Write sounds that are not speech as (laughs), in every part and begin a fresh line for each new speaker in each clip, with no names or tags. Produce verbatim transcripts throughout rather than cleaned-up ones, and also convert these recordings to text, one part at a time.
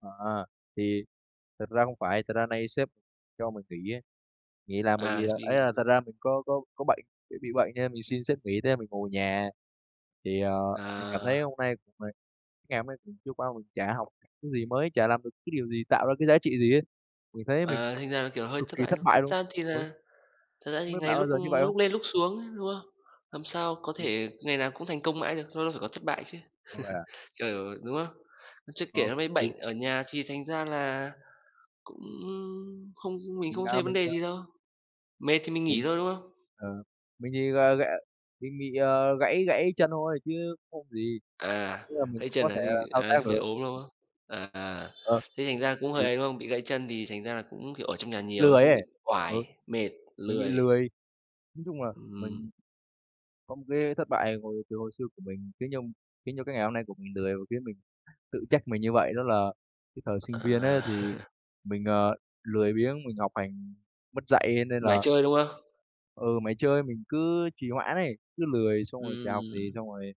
À, thì thật ra hông phải. Thật ra nay sếp cho mình nghỉ á, nghỉ làm bởi vì
À,
là ấy,
đi
à, thật ra mình có có có bệnh, tại bị bệnh cho nên mình xin sếp nghỉ, thế là mình ngồi ở nhà. Thì, à, mình cảm thấy
À!
hôm nay của mình cái ngày hôm nay cứ trôi qua mình chả học cái gì mới, chả làm được cái điều gì tạo ra cái giá trị gì hết. Mình thấy mình
À, thành ra là kiểu hơi
cực
thất
kỳ
bại
thất
thôi.
bại
Thật
luôn.
ra thì
Đúng.
là thật ra
Hông
thì
biết
ngày
bạn bao
lúc
giờ như vậy hông?
lúc lên, lúc xuống chứ, đúng không? Làm sao có thể ngày nào cũng thành công mãi được, lâu lâu phải có thất bại chứ.
Ơ, vậy
(chuckles)
à?
Kiểu đúng không? Chưa kể
Đó,
nó bị
thì
bệnh ở nhà thì thành ra là cũng không mình
Mình,
không
à,
thấy vấn
mình,
đề
ờ
gì đâu, mệt thì mình nghỉ
Mình
thôi, đúng không?
ờ, mình thì g ghẻ mình bị, ờ, gãy gãy chân thôi chứ không gì.
À,
Ý là mình c
gãy chân
có
à?
thể
Chứ
là thao tác
à, chứ phải
được.
ốm, đúng không? À, à,
Ờ.
thế thành ra cũng
Thì
hơi ấy, đúng không? Bị gãy chân thì thành ra là cũng, kiểu, ở trong nhà nhiều ấy,
lười
cũng
ấy,
bị
ừ,
oải, mệt,
mình bị
lười.
lười. Nói chung là
Ừm.
mình có một cái thất bại hồi từ hồi xưa của mình khiến cho khiến cho cái ngày hôm nay của mình lười và khiến mình tự trách mình như vậy. Đó là cái thời sinh viên á
À.
thì
(chuckles)
mình, ờ, lười biếng, mình học hành mất dạy, nên
Mải
là
chơi, đúng không?
Ừ, mải chơi, mình cứ trì hoãn ấy, cứ lười xong rồi chả học gì
Ừm.
xong rồi,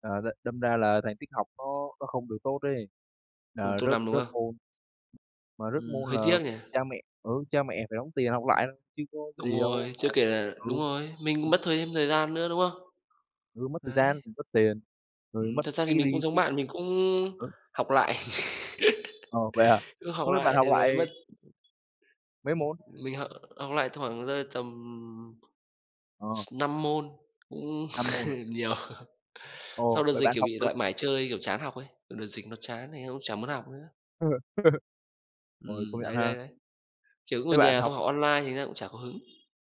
ờ, đ đâm ra là thành tích học nó nó không được tốt ấy,
Không
là
tốt
rớt
lắm, đúng
rớt
không?
môn. Mà rớt
Ừm,
môn
hơi
là
tiếc nhỉ?
cha mẹ, ừ, cha mẹ phải đóng tiền học lại thôi chứ có
Đúng
gì đâu
rồi,
mà
chưa kể là đúng
ừ.
rồi, mình
Ừm
mất thời thêm thời gian nữa, đúng không?
Vừa mất thời
Đấy.
gian, vừa mất tiền, rồi
Ừm,
mất
thật ra thì
cái
mình cũng
đi
giống
cái
bạn, mình cũng
ờ.
học lại.
Ồ, vậy à?
(chuckles) Cứ học
Không biết bạn
lại
học
thì lấy
lại
mất
mấy môn?
mình họ học lại thoảng rơi tầm, ừm,
Ờ.
s năm môn, cũng
Năm môn à?
(chuckles) nhiều.
Ồ,
Sau đợt
vậy
dịch,
bạn
kiểu,
học
bị
từ
lại mải chơi, kiểu, chán học ấy, ừ, đợt dịch nó chán, thành ra cũng chả muốn học nữa.
Ờ. (laughs) Rồi,
Ừm,
công nhận
đấy, đấy,
ha.
đấy. Kiểu cũng ở
Thế bạn
nhà
học
xong học online thì nó cũng chả có hứng.